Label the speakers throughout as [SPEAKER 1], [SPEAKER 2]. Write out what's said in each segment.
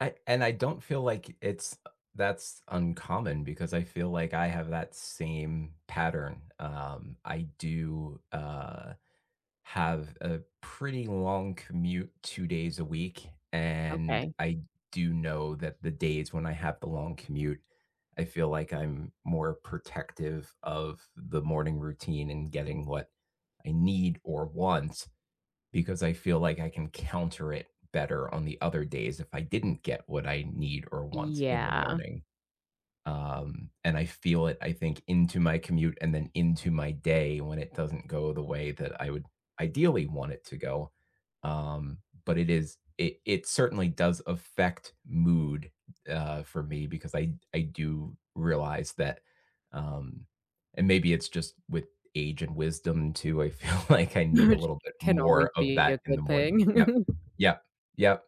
[SPEAKER 1] I and I don't feel like i it's that's uncommon because I feel like I have that same pattern. Um, I do, uh, have a pretty long commute 2 days a week. And
[SPEAKER 2] Okay.
[SPEAKER 1] I do know that the days when I have the long commute, I feel like I'm more protective of the morning routine and getting what I need or want, because I feel like I can counter it better on the other days if I didn't get what I need or want in the
[SPEAKER 2] Yeah.
[SPEAKER 1] morning. Um, and I feel it I think, into my commute and then into my day when it doesn't go the way that I would ideally want it to go. Um, but it is it it certainly does affect mood, uh, for me because I I do realize that, um and maybe it's just with age and wisdom too, I feel like I need a
[SPEAKER 2] Which
[SPEAKER 1] little bit
[SPEAKER 2] can always
[SPEAKER 1] more of
[SPEAKER 2] be a
[SPEAKER 1] that in the
[SPEAKER 2] good
[SPEAKER 1] morning Yep,
[SPEAKER 2] thing.
[SPEAKER 1] yep, yep.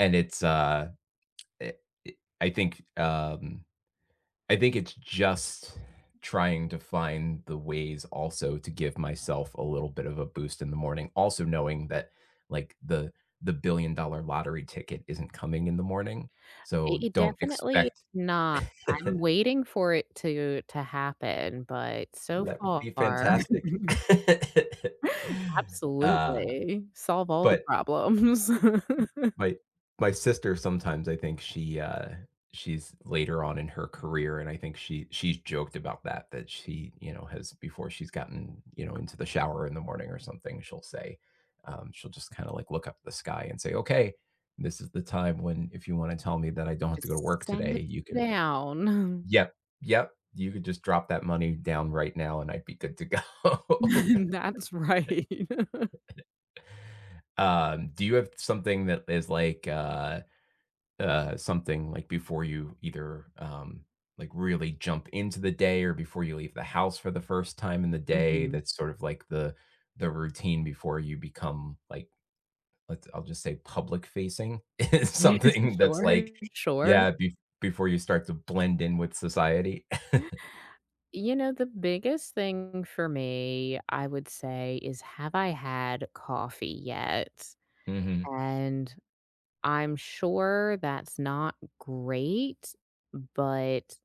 [SPEAKER 1] And it's, uh, eh, it I think, um I think it's just trying to find the ways also to give myself a little bit of a boost in the morning also knowing that, like, the the billion-dollar lottery ticket isn't coming in the morning.
[SPEAKER 2] Uh it
[SPEAKER 1] So
[SPEAKER 2] it
[SPEAKER 1] don't
[SPEAKER 2] definitely
[SPEAKER 1] expect
[SPEAKER 2] not, I'm waiting for it to to happen, but so
[SPEAKER 1] That would be
[SPEAKER 2] far
[SPEAKER 1] fantastic. Uh,
[SPEAKER 2] Absolutely, solve all the
[SPEAKER 1] but
[SPEAKER 2] problems.
[SPEAKER 1] My my sister, sometimes, I think she, uh, she's later on in her career, and I think she she's joked about that, that she, you know, has before she's gotten, you know, into the shower in the morning or something, she'll say Um, she'll just kinda, like, look up at the sky and say, "Okay, this is the time when if you wanna tell me that I don't have to go to
[SPEAKER 2] Just
[SPEAKER 1] work
[SPEAKER 2] send
[SPEAKER 1] today,
[SPEAKER 2] it
[SPEAKER 1] you could"
[SPEAKER 2] down.
[SPEAKER 1] yep, yep, "you could just drop that money down right now, and I'd be good to go."
[SPEAKER 2] That's right.
[SPEAKER 1] Um, do you have something that is like, uh uh, something, like, before you either, um, like, really jump into the day or before you leave the house for the first time in the day
[SPEAKER 2] Mhm.
[SPEAKER 1] that's sort of like the the routine before you become, like, let's I'll just say public facing. It's something that's like
[SPEAKER 2] Sure, sure.
[SPEAKER 1] yeah, bef before you start to blend in with society.
[SPEAKER 2] You know, the biggest thing for me, I would say, is have I had coffee yet?
[SPEAKER 1] Mhm.
[SPEAKER 2] And I'm sure that's not great, but